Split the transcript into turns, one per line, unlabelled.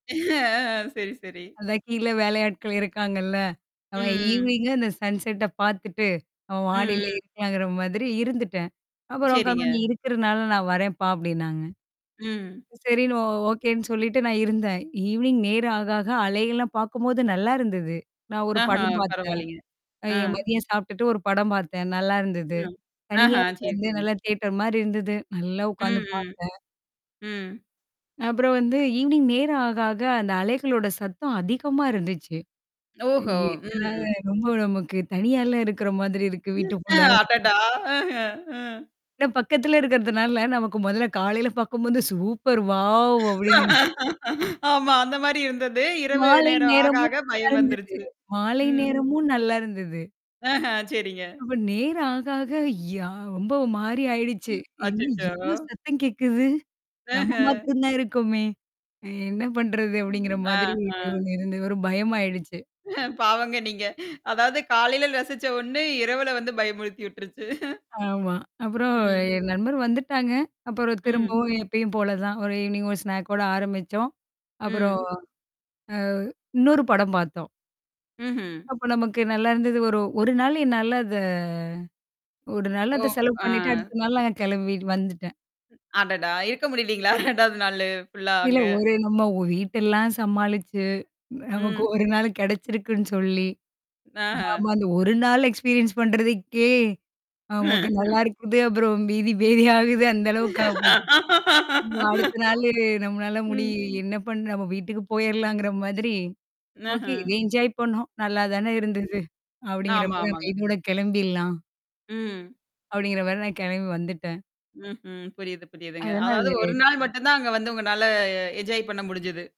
ஆ சரி சரி.
அதான் கீழ வேலையாட்கள் இருக்காங்கள்ல, அப்ப
ம்.
ஈவினிங்க அந்த சன்செட்ட பாத்துட்டு அப்ப
ம்
மாடியில்
ம்.
இருக்கலாங்குற மாதிரி இருந்துட்டேன். அப்புறம் [unintelligible]
சரிங்க.
"நீ இருக்கிறதனால் நான் வரேன்ப்பா" அப்படின்னாங்க.
ம்.
சரின்னு ஒ ஓகேன்னு சொல்லிட்டு நான் இருந்தேன். ஈவினிங் நேரம் ஆக ஆக அலை எல்லாம் பாக்கும்போது, நல்லா இருந்தது. நான் ஒரு
ஆஹ
படம் பாத்தேன்
பரவால்லைங்க.
அ
ஆ.
என் மதியம் சாப்ட்டுட்டு ஒரு படம் பாத்தேன். நல்லா இருந்தது.
ம்.
தனியா
ஆஹா
அது
சரி
வந்து
சரி.
நல்லா தியேட்டர் மாரி இருந்தது. நல்லா உக்காந்து
ம் ம்,
பாத்தேன்
ம்,
அப்புறம் வந்து ஈவினிங் நேரம் ஆக ஆக அந்த அலைகளோட சத்தம் அதிகமா இருந்துச்சு. ஏ
ஓஹோ!
இது என்னடா
ம்.
இது ரொம்ப நமக்கு தனியால்ல இருக்கிற மாதிரி இருக்கு
ம் ஆ,
வீட்டிற்குள்ள.
அட்டடா! அஹ ம்.
ஏன்னா பக்கத்தில இருக்கிறதினால, நமக்கு மொதல்ல காலையில பாக்கும்போது, சூப்பர் வாவ் அப்படிங்குற
ஆமா அந்த மாரி இருந்தது! இரவு
மாலை
நேரம் ஆக
நேரமும்
ஆக பயம்
நல்லாருந்துது
வந்துருச்சு.
மாலை
ம்.
நேரமும் நல்லா இருந்தது.
ஆஹ சரிங்க.
அப்ப நேரம் ஆக ஆக யா ரொம்ப ஒ மாறி ஆயிடுச்சு,
ம்
என்னா
அச்சச்சா!
இவ்வளோ சத்தம் கேக்குது? நம்ம
ஆஹ.
மாத்ரம் தான் இருக்கோமே! எ என்னா பண்றது? அப்படிங்கிற
ஆ
மாதிரி ஒ
ஆ.
இருந்து இருந்து ஒரு பயமாயிடுச்சு.
பாவங்க நீங்க. அதாவது காலையில ரசிச்ச ஒண்ணு இரவுல வந்து பயமுறுத்தி உட்ருச்சு
ஆமா. அப்புறம்
ம்.
என் நண்பர் வந்துட்டாங்க. அப்புறம்
ம்.
திரும்பவும் எப்பயும் போல தான். ஒரு ஈவினிங் ஒரு ஸ்நாக்கோட -ஓடு ஆரம்பிச்சோம். அப்புறம்
ம்.
அ இன்னொரு படம் பாத்தோம்.
ம்ஹ்ம்.
அப்பொ நமக்கு நல்லா இருந்தது ஒரு ஒரு நாள் என்னால அத ஒரு நாள்
ஓ
அத செலவு
ஆ.
பண்ணீட்டு அடுத்த நாள் நாங்க கெளம்பி வந்துட்டேன்.
அடடா! இருக்க முடியலைங்களா? 2வது நாளு ஃபுல்லா
இல்ல
அங்க.
ஒரு நம்ம ஒ வீட்டெல்லாம் சமாளிச்சு நமக்கு
ம்.
1 நாளு கெடைச்சிருக்குன்னு சொல்லி ஆமா,
ஆஹ!
அந்த 1 நாள் எக்ஸ்பீரியன்ஸ் பண்றதுக்கே ஆமாங்க நல்லாருக்கும்ன்னு, அப்புறம் பீதி பேதி ஆகுது அந்த அளவுக்காயி போச்சு வ்வ அடுத்த நாளு நம்மளால முடி
ம்.
அ என்னா பண்ணு நம்ம வீட்டுக்கு போயறலாங்குற மாதிரி
ன்
ஓகே,
ஹ்ம்.
என்ஜோய் பண்ணோம்! நல்லா தானே தானே இருந்துது?
ம்ஹ்ம்.
அப்படிங்கிற
ஆமா
மாதிரி அந்த
ஆமாங்க.
இதோட கெளம்பிடலாம்
ம்.
அப்படிங்கிற மாரி நான் கெளம்பி வந்துட்டேன்.
ம்ஹ்ம், புரியுது புரியுதுங்க.
அதனால
அதாவது, ஒரு
[unintelligible]
நாள் மட்டும்தான் அங்க வந்து உங்கனால என்ஜாய் பண்ண முடிஞ்சுது.